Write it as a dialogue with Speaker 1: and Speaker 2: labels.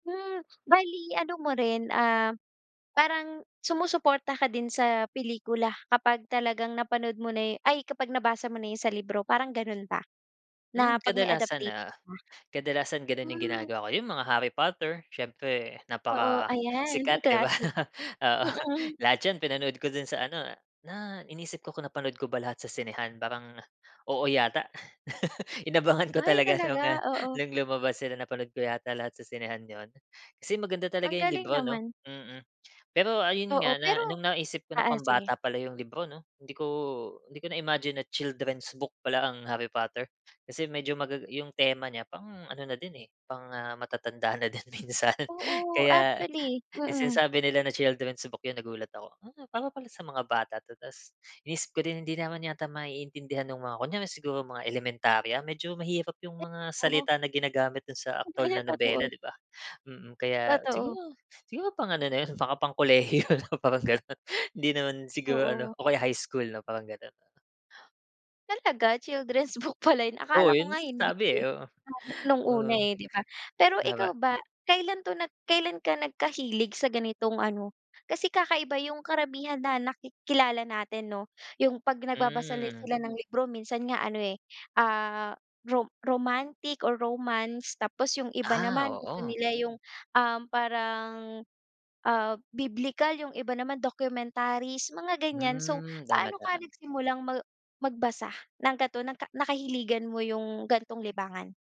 Speaker 1: Hmm, bale ano mo rin, ah, parang, sumusuporta ka din sa pelikula kapag talagang napanood mo na 'yo ay, kapag nabasa mo na 'yon sa libro, parang gano'n ba, na
Speaker 2: Hmm,
Speaker 1: 'pag may
Speaker 2: kadalasan,
Speaker 1: adaptation
Speaker 2: ah,
Speaker 1: na.
Speaker 2: kadalasan gano'n yung
Speaker 1: Hmm.
Speaker 2: ginagawa ko. Yung mga Harry Potter, siyempre
Speaker 1: Oo, ayan,
Speaker 2: napakasikat, 'di ba?
Speaker 1: classic.
Speaker 2: Oo,
Speaker 1: Mm.
Speaker 2: lahat 'yon pinanood ko do'n sa ano, na inisip ko kung napanood ko ba lahat sa sinehan, parang, oo yata, inabangan ko
Speaker 1: Ay,
Speaker 2: talaga
Speaker 1: talaga?
Speaker 2: no'ng, ah,
Speaker 1: Oo.
Speaker 2: no'ng lumabas sila, napanood ko yata lahat sa sinehan 'yon. Kasi maganda
Speaker 1: Ang
Speaker 2: talaga yung
Speaker 1: galing
Speaker 2: libro, 'no,
Speaker 1: naman.
Speaker 2: mm. Pero ayun
Speaker 1: Oo,
Speaker 2: nga, na
Speaker 1: pero
Speaker 2: no'ng naisip ko na
Speaker 1: oo, sige.
Speaker 2: pambata pala yung libro, 'no, hindi ko hindi ko na-imagine na children's book pala ang Harry Potter. Kasi medyo magaga yung tema niya pang ano na din eh, pang, ah, matatanda na din minsan.
Speaker 1: Oo,
Speaker 2: Kaya,
Speaker 1: actually,
Speaker 2: no'ng
Speaker 1: mm.
Speaker 2: sinasabi nila na children's book 'yon, nagulat ako. "Hmm, para pala sa mga bata 'to", tas iniisip ko din, hindi naman yata maiintindihan no'ng mga kunyari siguro mga elementarya, medyo mahirap yung
Speaker 1: Eh,
Speaker 2: mga
Speaker 1: oh.
Speaker 2: salita na ginagamit do'n sa
Speaker 1: 'No ba
Speaker 2: aktuwal
Speaker 1: yan,
Speaker 2: na nobela,
Speaker 1: totoo.
Speaker 2: 'di ba? Mm, kaya
Speaker 1: Totoo.
Speaker 2: siguro, siguro pang ano na 'yon, mga pang kolehiyo na parang gano'n. Hindi naman siguro ano,
Speaker 1: Oo.
Speaker 2: o kaya high school 'no, parang gano'n.
Speaker 1: Talaga? Children's book pala 'yon,
Speaker 2: Oo,
Speaker 1: akala ko
Speaker 2: 'yon
Speaker 1: nga hindi,
Speaker 2: sinasabi, eh,
Speaker 1: eh,
Speaker 2: oo.
Speaker 1: lalo na no'ng una
Speaker 2: Oo.
Speaker 1: eh, 'di ba? Pero ikaw
Speaker 2: Tama.
Speaker 1: ba, kailan 'to nag kailan ka nagkahilig sa ganitong ano, kasi kakaiba yung karamihan na naki kilala natin, 'no? Yung 'pag nagbabasa la
Speaker 2: Hmm.
Speaker 1: sila ng libro, minsan nga ano eh, ah, rom romantic or romance, tapos yung iba
Speaker 2: Ah,
Speaker 1: naman gusto
Speaker 2: oo.
Speaker 1: nila yung, um, parang, ah, biblikal, yung iba naman documentaries, mga ganyan. So,
Speaker 2: Hmm, tama,
Speaker 1: paano ka
Speaker 2: tama.
Speaker 1: nagsimulang mag magbasa, ng gato naka nakahiligan mo yung, gan'tong libangan?